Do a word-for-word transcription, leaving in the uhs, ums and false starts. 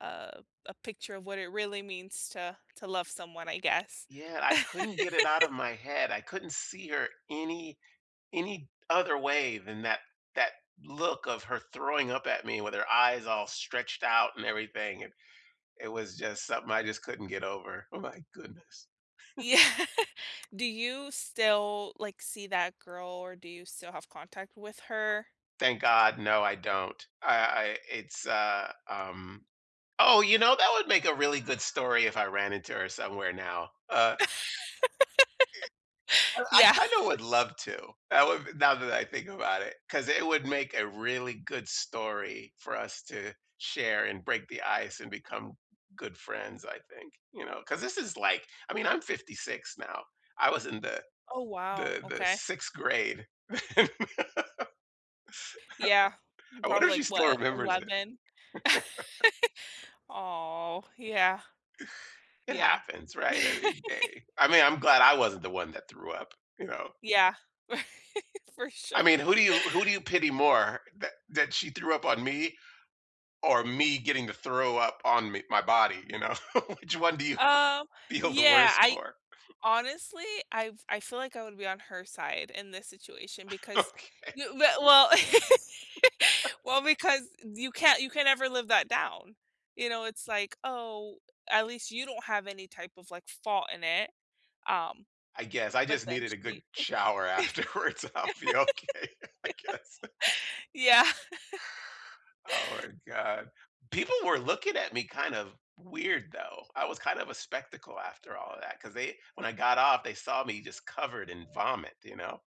Uh, a picture of what it really means to to love someone, I guess. Yeah, I couldn't get it out of my head. I couldn't see her any any th other way than that that look of her throwing up at me with her eyes all stretched out and everything, and, it was just something I just couldn't get over, oh my goodness. Yeah. Do you still, like, see that girl, or do you still have contact with her? Thank god, no, I don't. I I it's, uh, um oh, you know, that would make a really good story if I ran into her somewhere now, uh Eh well, I Yeah. kinda would love to. That would be now that I think about it 'cause it would make a really good story for us to share, and break the ice, and become good friends, I think, you know, 'cause this is like I mean I'm fifty-six now. I was in the Oh, wow. the the Okay. sixth grade. Yeah, I wonder probably, if she like, still what, remembers it. Eleven? Aw, yeah. It Yeah. happens, right? I mean, a I mean, I'm glad I wasn't the one that threw up, you know? Yeah, Right. For I sure. mean, who do you who do you pity more, that that she threw up on me, or me getting to throw up on me my body, you know? Which one do you Um, feel the yeah, worst I for? Honestly, I f I feel like I would be on her side in this situation, because Okay. you we well well, because, eh, you can't you can never live that down, you know, it's like, "Oh, at least you don't have any type of, like, fault in it." Um, I guess, I but just then needed a good she shower afterwards, so I'll be okay, I guess. Yeah. Oh my god. People were looking at me kind of weird though. I was kind of a spectacle after all of that, 'cause they when I got off, they saw me just covered in vomit, you know?